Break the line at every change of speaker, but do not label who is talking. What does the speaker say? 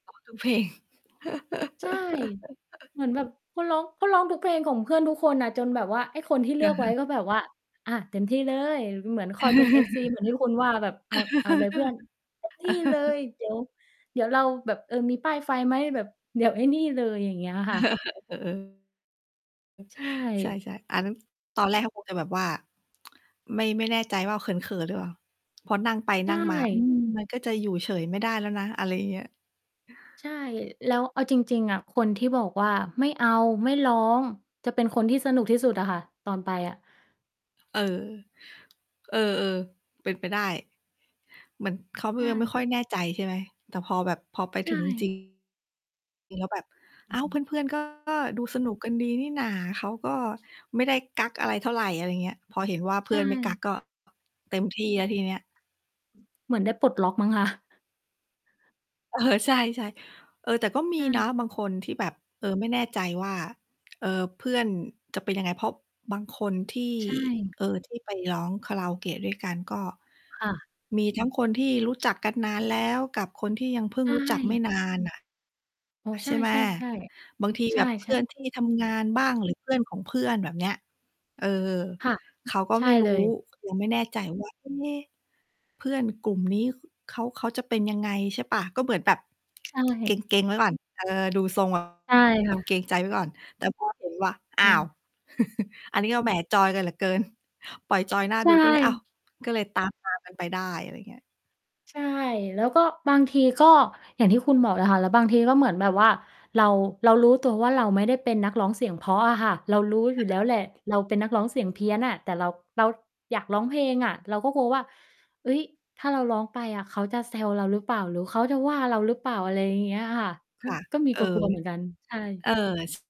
ขอทุก เพลง
ใช่ เหมือนแบบเขาร้อง เขาร้องทุกเพลงของ เพื่อนทุกคนน่ะ จนแบบว่า ไอ้คนที่เลือก
ค
ไ
่
ว้
ะ
ก็แบบว่า "อะ เต็มที่เลย" เหมือนคอยเป็น FC เหมือนที่คุณว่าแบบ "เอา เอาเลยเพื่อน เต็ม ที่เลย เดี๋ยว เดี๋ยวเราแบบ เอ่อ มีป้ายไฟไหม? แบบเดี๋ยวไอ้นี่เลย" อย่างเงี้ยค่ะ
อ เออ
ใช
ใช
่
่ ๆ อันนั้น ตอนแรกเขาคงจะแบบว่า ไม่ ไม่แน่ใจว่าเขิน ๆ หรือเปล่า? พอนั่งไป
ใช
นั่งมา อื
่
ม มันก็จะอยู่เฉยไม่ได้แล้วนะ อะไรเงี้ย
ใช่ แล้วเอาจริง ๆ อะ คนที่บอกว่า "ไม่เอา ไม่ร้อง" จะเป็นคนที่สนุกที่สุดอะค่ะ ตอนไปอะ
เออ เออ ๆ เป็นไปได้ เหมือนเขาก
ใ
็
ช
ยังไม่
่
ค่อยแน่ใจใช่ไหม? แต่พอแบบ พอไป
ใช
ถึง จริ
่
ง แล้วแบบ
อ
"อ
ื
้
อ
า
ฮ
ว
ึ
เพื่อน ๆ ก็ ดูสนุกกันดีนี่หน่า เขาก็ไม่ได้กั๊กอะไรเท่าไร" อะไรเงี้ย พอเห็นว่าเพ
ใช
ื่อนไม่กั๊
่
กก็ เต็มที่แล้วทีเนี้ย
เหมือนได้ปลดล็อกมั้งคะ
เออ ใช่ ๆ เออ แต่ก็ม
ใ
ี
ช
นะ
่
บางคนที่แบบ เอ่อ ไม่แน่ใจว่า เอ่อ เพื่อนจะเป็นยังไง? เพราะบางคนที่
ใช่
เอ่อ ที่ไปร้องคาราโอเกะด้วยกัน ก็
ค่ะ
มีทั้งคนที่รู้จักกันนานแล้ว กับคนที่ยังเพิ่
ใช
งรู้จักไม่
่
นานน่ะ
อ๋อ ใ
ใช่ไหม?
ช่ ๆ
บางที
ๆ ใช
แบบเพื
่
่อ
ๆ
นที่ทำงานบ้าง หรือเพื่อนของเพื่อนแบบเนี้ย เออ
ค่ะ
เขาก็
ใช
ไ
่
ม่ร
เ
ู
ล
้
ย
เลย ไม่แน่ใจ ว่า "เอ๊ เพื่อนกลุ่มนี้ ข เขา เขาจะเป็นยังไง" ใช่เปล่า? ก็เหมือนแบบ
ใช
เก
่
ร็ง ๆ ไว้ก่อน เออ ดูทรง แบ
ใช่ค่
บ เกร
ะ
งใจไว้ก่อน แต่ พอเห็น ว่า
ใ
อ้
ช
าว
่
อันนี้ก็แหม! จอยกันเหลือเกิน ปล่อยจอยน่า
ใช
ดู ก็เลย อ้าว
่
ก็เลย ตาม ๆ กันไปได้
อื
อ
อ
ะไรเงี้ย
ใช่ แล้วก็บางทีก็ อย่างที่คุณบอกเลยค่ะ แล้วบางทีก็เหมือนแบบว่า เรา เรารู้ตัวว่า เราไม่ได้เป็นนักร้องเสียงเพราะอะค่ะ เรารู้อยู่แล้วแหละ เราเป็นนักร้องเสียงเพี้ยนน่ะ แต่เรา เราอยากร้องเพลงอะ เราก็กลัวว่า "เฮ้ย ถ้าเราร้องไปอะเขาจะแซวเราหรือเปล่า? หรือเขาจะว่าเราหรือเปล่า?" อะไรเงี้ยค่ะ ก
ค
็
่ะ
ก็มี
เอ
ก
อ
ลัว ๆ เหมือนกัน ใช่
เออ ซ